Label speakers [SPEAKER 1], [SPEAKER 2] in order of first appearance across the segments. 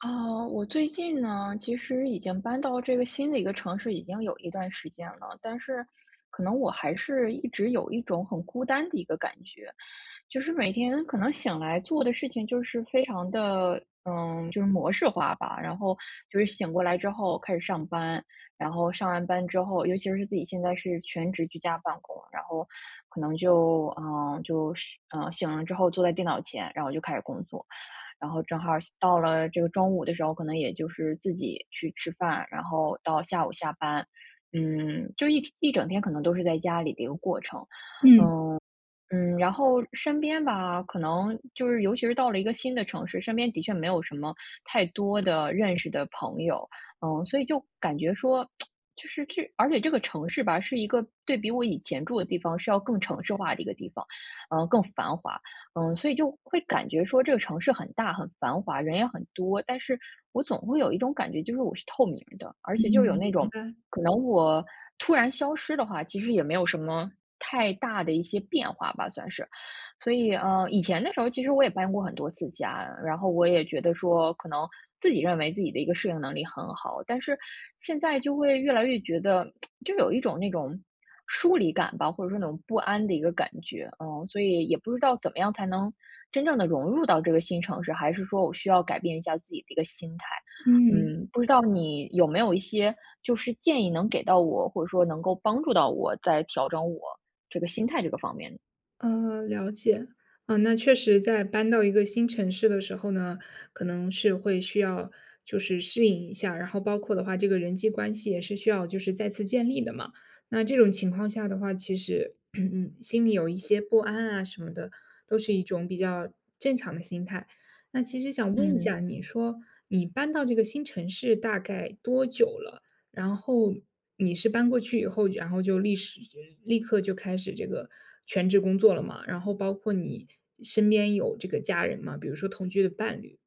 [SPEAKER 1] 啊，我最近呢，其实已经搬到这个新的一个城市已经有一段时间了，但是可能我还是一直有一种很孤单的一个感觉。就是每天可能醒来做的事情就是非常地，嗯，就是模式化吧。然后就是醒过来之后开始上班，然后上完班之后，尤其是自己现在是全职居家办公，然后，可能就呃，就是呃，醒了之后坐在电脑前，然后就开始工作。然后正好到了这个中午的时候，可能也就是自己去吃饭，然后到下午下班。嗯，就一一整天可能都是在家里的一个过程。
[SPEAKER 2] 嗯。
[SPEAKER 1] 嗯，嗯，然后身边吧，可能就是尤其是到了一个新的城市，身边的确没有什么太多的认识的朋友。嗯，所以就感觉说 就是这而且这个城市吧，是一个对比我以前住的地方是要更城市化的一个地方，呃，更繁华。嗯，所以就会感觉说这个城市很大、很繁华、人也很多，但是我总会有一种感觉，就是我是透明的。而
[SPEAKER 2] 嗯，
[SPEAKER 1] 且就有那
[SPEAKER 2] 明
[SPEAKER 1] 种，
[SPEAKER 2] 白。
[SPEAKER 1] 可能我突然消失的话，其实也没有什么太大的一些变化吧，算是。所以，呃，以前的时候其实我也搬过很多次家，然后我也觉得说，可能自己认为自己的一个适应能力很好，但是现在就会越来越觉得 就有一种那种疏离感吧，或者说那种不安的一个感觉，嗯，所以也不知道怎么样才能真正地融入到这个新城市，还是说我需要改变一下自己的一个心态。
[SPEAKER 2] 嗯。
[SPEAKER 1] 嗯，不知道你有没有一些就是建议能给到我，或者说能够帮助到我，在调整我这个心态这个方面。
[SPEAKER 2] 呃，了解。呃，那确实在搬到一个新城市的时候呢，可能是会需要就是适应一下，然后包括的话这个人际关系也是需要就是再次建立的嘛。那这种情况下的话，其实 心里有一些不安啊什么的，都是一种比较正常的心态。那其实想问一下，
[SPEAKER 1] 嗯。
[SPEAKER 2] 你说你搬到这个新城市大概多久了？然后你是搬过去以后，然后就立时立刻就开始这个全职工作了嘛，然后包括你身边有这个家人吗？比如说同居的伴侣？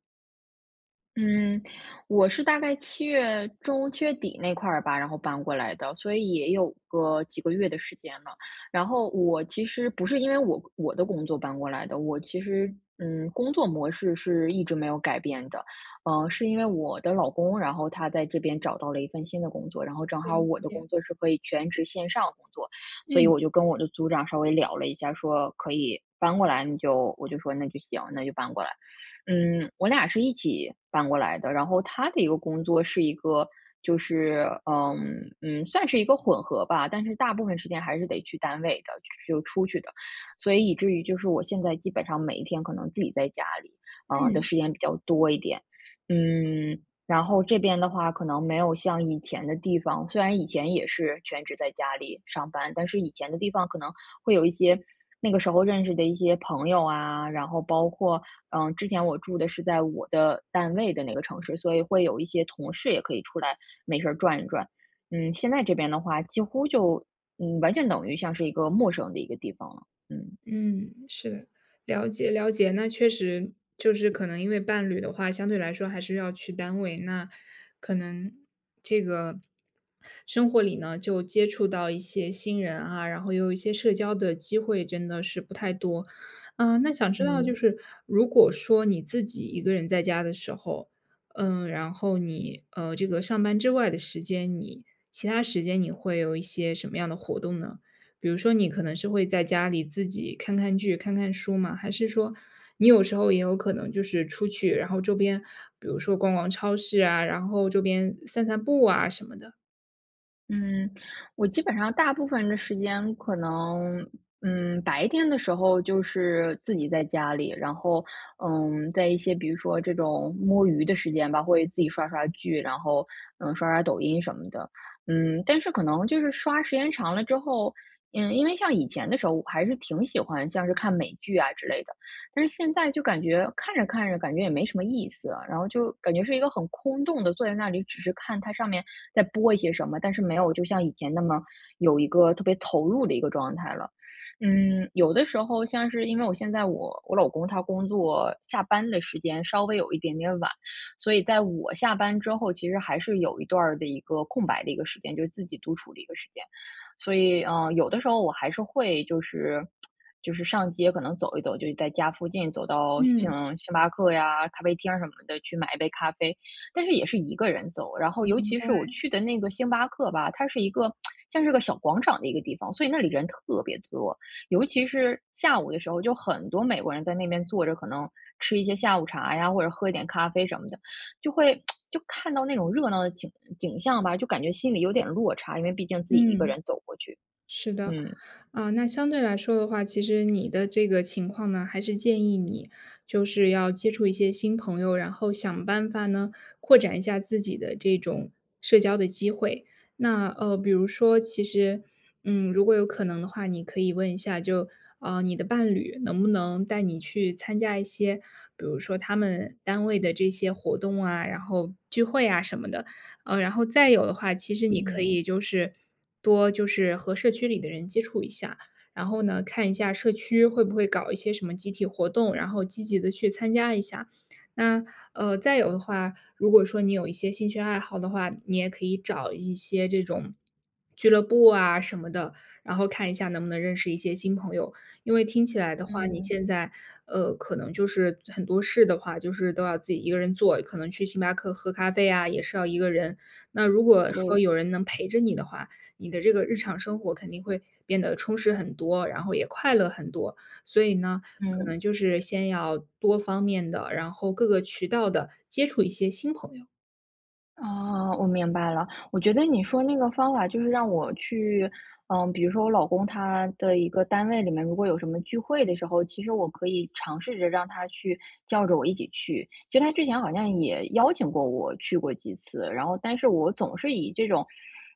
[SPEAKER 1] 嗯，我是大概7月中、7月底那块儿吧，然后搬过来的，所以也有个几个月的时间了。然后我其实不是因为我我的工作搬过来的，我其实嗯，工作模式是一直没有改变的。呃，是因为我的老公，然后他在这边找到了一份新的工作，然后正
[SPEAKER 2] 了
[SPEAKER 1] 好我的
[SPEAKER 2] 解。
[SPEAKER 1] 工作是可以全职线上工作，所以
[SPEAKER 2] 嗯。
[SPEAKER 1] 我就跟我的组长稍微聊了一下，说可以搬过来，你就我就说那就行，那就搬过来。嗯，我俩是一起搬过来的，然后他的一个工作是一个就是，呃，嗯，算是一个混合吧，但是大部分时间还是得去单位的就出去的，所以以至于就是我现在基本上每一天可能自己在家里，啊，的
[SPEAKER 2] 嗯。
[SPEAKER 1] 时间比较多一点。嗯，然后这边的话可能没有像以前的地方，虽然以前也是全职在家里上班，但是以前的地方可能会有一些那个时候认识的一些朋友啊，然后包括呃，之前我住的是在我的单位的那个城市，所以会有一些同事也可以出来没事儿转一转。嗯，现在这边的话几乎就，嗯，完全等于像是一个陌生的一个地方了。嗯。
[SPEAKER 2] 嗯，是的，了解，了解，那确实就是可能因为伴侣的话，相对来说还是要去单位，那可能这个生活里呢，就接触到一些新人啊，然后又有一些社交的机会真的是不太多。啊，那想知道就
[SPEAKER 1] 嗯。
[SPEAKER 2] 是如果说你自己一个人在家的时候，嗯，然后你呃，这个上班之外的时间，你其它时间你会有一些什么样的活动呢？比如说你可能是会在家里自己看看剧、看看书吗？还是说你有时候也有可能就是出去，然后周边比如说逛逛超市啊，然后周边散散步啊什么的？
[SPEAKER 1] 嗯，我基本上大部分的时间可能，嗯，白天的时候就是自己在家里。然后嗯，在一些比如说这种摸鱼的时间吧，会自己刷刷剧，然后，嗯，刷刷抖音什么的。嗯，但是可能就是刷时间长了之后，嗯，因为像以前的时候我还是挺喜欢像是看美剧啊之类的，但是现在就感觉看着看着感觉也没什么意思啊。然后就感觉是一个很空洞地坐在那里，只是看它上面在播一些什么，但是没有就像以前那么有一个特别投入的一个状态了。嗯，有的时候像是因为我现在我我老公他工作下班的时间稍微有一点点晚，所以在我下班之后，其实还是有一段儿的一个空白的一个时间，就是自己独处的一个时间。所以嗯，有的时候我还是会就是 就是上街可能走一走，就在家附近走到星
[SPEAKER 2] 嗯。
[SPEAKER 1] 星巴克呀，咖啡厅儿什么的去买一杯咖啡。但是也是1个人走，然后尤
[SPEAKER 2] 明
[SPEAKER 1] 其是我
[SPEAKER 2] 白。
[SPEAKER 1] 去的那个星巴克吧，它是一个 像是个小广场的一个地方，所以那里人特别多。尤其是下午的时候，就很多美国人在那边坐着，可能吃一些下午茶呀，或者喝一点咖啡什么的。就会 就看到那种热闹的景景象吧，就感觉心里有点落差，因为毕竟自己1个
[SPEAKER 2] 嗯。
[SPEAKER 1] 人走过去，
[SPEAKER 2] 是的。
[SPEAKER 1] 嗯。
[SPEAKER 2] 啊，那相对来说的话，其实你的这个情况呢，还是建议你就是要接触一些新朋友，然后想办法呢，扩展一下自己的这种社交的机会。那呃，比如说其实，嗯，如果有可能的话，你可以问一下，就，啊，你的伴侣能不能带你去参加一些，比如说他们单位的这些活动啊，然后聚会啊什么的？啊，然后再有的话，其实你可
[SPEAKER 1] 嗯。
[SPEAKER 2] 以就是多就是和社区里的人接触一下，然后呢，看一下社区会不会搞一些什么集体活动，然后积极地去参加一下。那呃，再有的话，如果说你有一些兴趣爱好的话，你也可以找一些这种俱乐部啊，什么的，然后看一下能不能认识一些新朋友。因为听起来的话，你
[SPEAKER 1] 嗯。
[SPEAKER 2] 现在，呃，可能就是很多事的话，就是都要自己1个人做，可能去星巴克喝咖啡啊，也是要1个人。那如果
[SPEAKER 1] 对。
[SPEAKER 2] 说有人能陪着你的话，你的这个日常生活肯定会变得充实很多，然后也快乐很多。所以呢，可能
[SPEAKER 1] 嗯。
[SPEAKER 2] 就是先要多方面地，然后各个渠道地接触一些新朋友。
[SPEAKER 1] 啊，我明白了。我觉得你说那个方法就是让我去，呃，比如说我老公他的一个单位里面如果有什么聚会的时候，其实我可以尝试着让他去叫着我一起去。其实他之前好像也邀请过我去过几次，然后但是我总是以这种，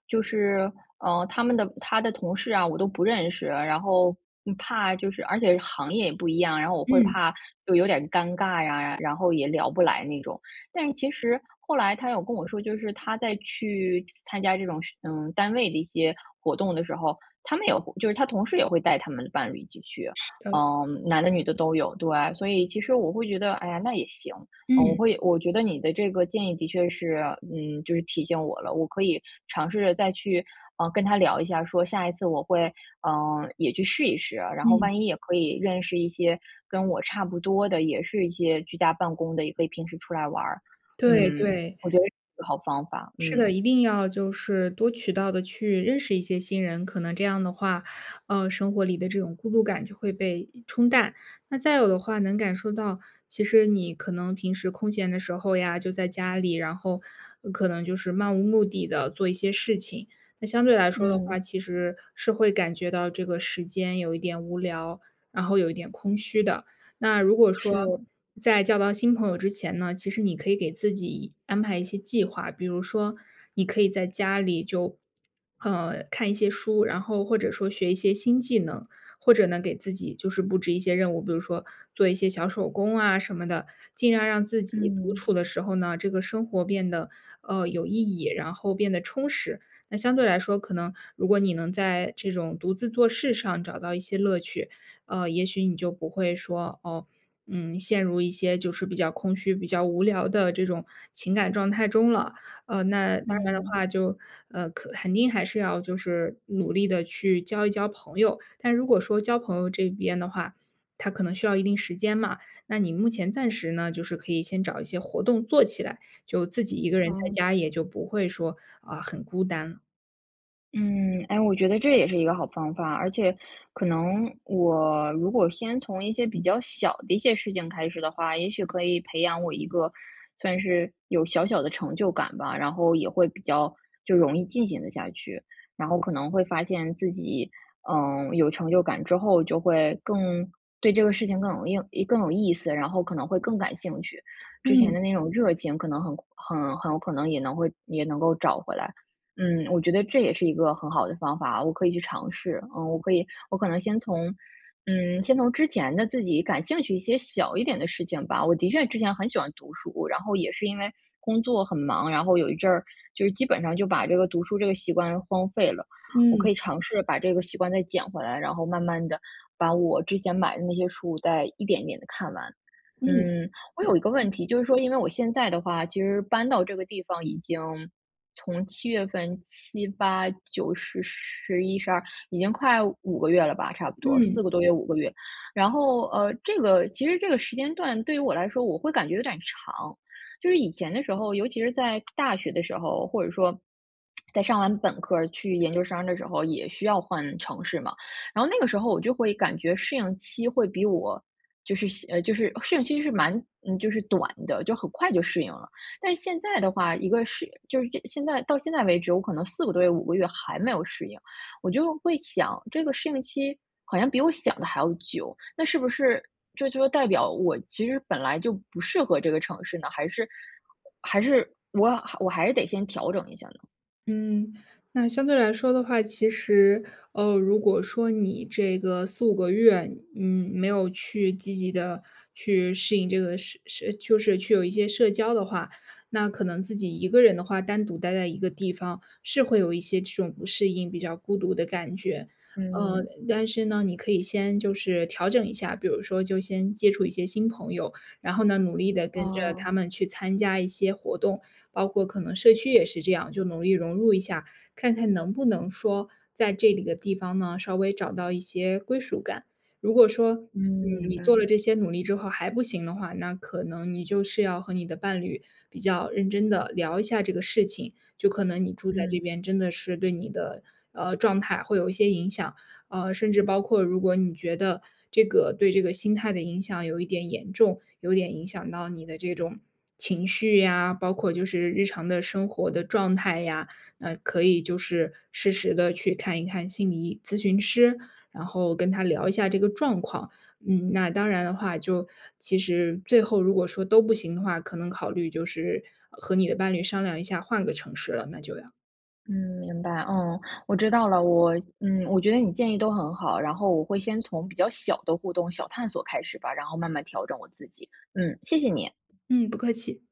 [SPEAKER 1] 就是，呃，他们的他的同事啊我都不认识，然后怕就是而且行业也不一样，然后我会
[SPEAKER 2] 嗯。
[SPEAKER 1] 怕就有点尴尬呀，然后也聊不来那种。但是其实后来他有跟我说就是他在去参加这种嗯，单位的一些活动的时候，他们也会就是他同事也会带他们的伴侣一起去，
[SPEAKER 2] 是的。
[SPEAKER 1] 嗯，男的女的都有，对。所以其实我会觉得，哎呀，那也行。呃，我
[SPEAKER 2] 嗯。
[SPEAKER 1] 会我觉得你的这个建议的确是嗯，就是提醒我了，我可以尝试着，呃，再去跟他聊一下，说下一次我会，呃，也去试一试，然后
[SPEAKER 2] 嗯。
[SPEAKER 1] 万一也可以认识一些跟我差不多的，也是一些居家办公的，也可以平时出来玩儿。
[SPEAKER 2] 对，
[SPEAKER 1] 嗯，
[SPEAKER 2] 对。
[SPEAKER 1] 我觉得是一个好方法，
[SPEAKER 2] 是的，
[SPEAKER 1] 嗯。
[SPEAKER 2] 一定要就是多渠道地去认识一些新人。可能这样的话，呃，生活里的这种孤独感就会被冲淡。那再有的话能感受到，其实你可能平时空闲的时候呀就在家里，然后可能就是漫无目的地做一些事情。那相对来说的
[SPEAKER 1] 嗯。
[SPEAKER 2] 话，其实是会感觉到这个时间有一点无聊，然后有一点空虚的。那如果说，
[SPEAKER 1] 是。
[SPEAKER 2] 在交到新朋友之前呢，其实你可以给自己安排一些计划。比如说你可以在家里就，呃，看一些书，然后或者说学一些新技能，或者呢给自己就是布置一些任务，比如说做一些小手工啊什么的，尽量让自己独
[SPEAKER 1] 嗯。
[SPEAKER 2] 处的时候呢，这个生活变得，呃，有意义，然后变得充实。那相对来说，可能如果你能在这种独自做事上找到一些乐趣，呃，也许你就不会说，哦，嗯，陷入一些就是比较空虚、比较无聊的这种情感状态中了。呃，那当然的
[SPEAKER 1] 嗯。
[SPEAKER 2] 话就呃，肯肯定还是要就是努力地去交一交朋友。但如果说交朋友这边的话，它可能需要一定时间嘛，那你目前暂时呢就是可以先找一些活动做起来，就自己一个人在
[SPEAKER 1] 好。
[SPEAKER 2] 家也就不会说，啊，很孤单。
[SPEAKER 1] 嗯，哎，我觉得这也是一个好方法，而且可能我如果先从一些比较小的一些事情开始的话，也许可以培养我一个算是有小小的成就感吧，然后也会比较就容易进行得下去，然后可能会发现自己，嗯，有成就感之后，就会更对这个事情更有硬一更有意思，然后可能会更感兴趣。之前
[SPEAKER 2] 嗯。
[SPEAKER 1] 的那种热情可能很很很有可能也能会也能够找回来。嗯，我觉得这也是一个很好的方法，我可以去尝试。嗯，我可以我可能先从，嗯，先从之前的自己感兴趣一些小一点的事情吧，我的确之前很喜欢读书，然后也是因为工作很忙，然后有一阵儿就基本上就把这个读书这个习惯荒废了，我
[SPEAKER 2] 嗯。
[SPEAKER 1] 可以尝试把这个习惯再捡回来，然后慢慢地把我之前买的那些书再一点一点地看完。
[SPEAKER 2] 嗯，
[SPEAKER 1] 嗯，我有一个
[SPEAKER 2] [unintelligible]
[SPEAKER 1] 问题就是说，因为我现在的话，其实搬到这个地方已经从7月份，7、8、9、10、11、12，已经快5个月了吧，差不多
[SPEAKER 2] 嗯。
[SPEAKER 1] 4个多月、5个月。然后，呃，这个其实这个时间段对于我来说我会感觉有点长。就是以前的时候，尤其是在 大学的时候，或者说 在上完本科儿去研究生的时候也需要换城市嘛，然后那个时候我就会感觉适应期会比我就是，西，就是适应期是蛮就是短的，就很快就适应了。但是现在的话，一个是就是现在到现在为止，我可能4个多月、5个月还没有适应。我就会想，这个适应期好像比我想的还要久，那是不是这就代表我其实本来就不适合这个城市呢？还是还是我我还是得先调整一下呢？
[SPEAKER 2] 嗯，那相对来说的话，其实，哦，如果说你这个4-5个月，嗯，没有去积极地去适应这个，适适就是去有一些社交的话，那可能自己一个人的话，单独待在一个地方，是会有一些这种不适应、比较孤独的感觉。呃，
[SPEAKER 1] 嗯
[SPEAKER 2] 但是呢，你可以先就是调整一下，比如说就先接触一些新朋友，然后呢，努力地跟着他
[SPEAKER 1] 哦。
[SPEAKER 2] 们去参加一些活动。包括可能社区也是这样，就努力融入一下，看看能不能说在这几个地方呢，稍微找到一些归属感。如果说，
[SPEAKER 1] 嗯，
[SPEAKER 2] 嗯，
[SPEAKER 1] 明
[SPEAKER 2] 你做了
[SPEAKER 1] 白。
[SPEAKER 2] 这些努力之后还不行的话，那可能你就是要和你的伴侣，比较认真地聊一下这个事情，就可能你住在这
[SPEAKER 1] 嗯。
[SPEAKER 2] 边，真的是对你的，呃，状态会有一些影响。呃，甚至包括如果你觉得这个对这个心态的影响有一点严重，有点影响到你的这种情绪呀，包括就是日常的生活的状态呀，那可以就是适时地去看一看心理医咨询师。然后跟他聊一下这个状况，嗯，那当然的话，就其实最后如果说都不行的话，可能考虑就是和你的伴侣商量一下换个城市了，那就要。
[SPEAKER 1] 嗯，明白。哦，我知道了。我嗯，我觉得你建议都很好，然后我会先从比较小的互动、小探索开始吧，然后慢慢调整我自己。嗯，谢谢你。
[SPEAKER 2] 嗯，不客气。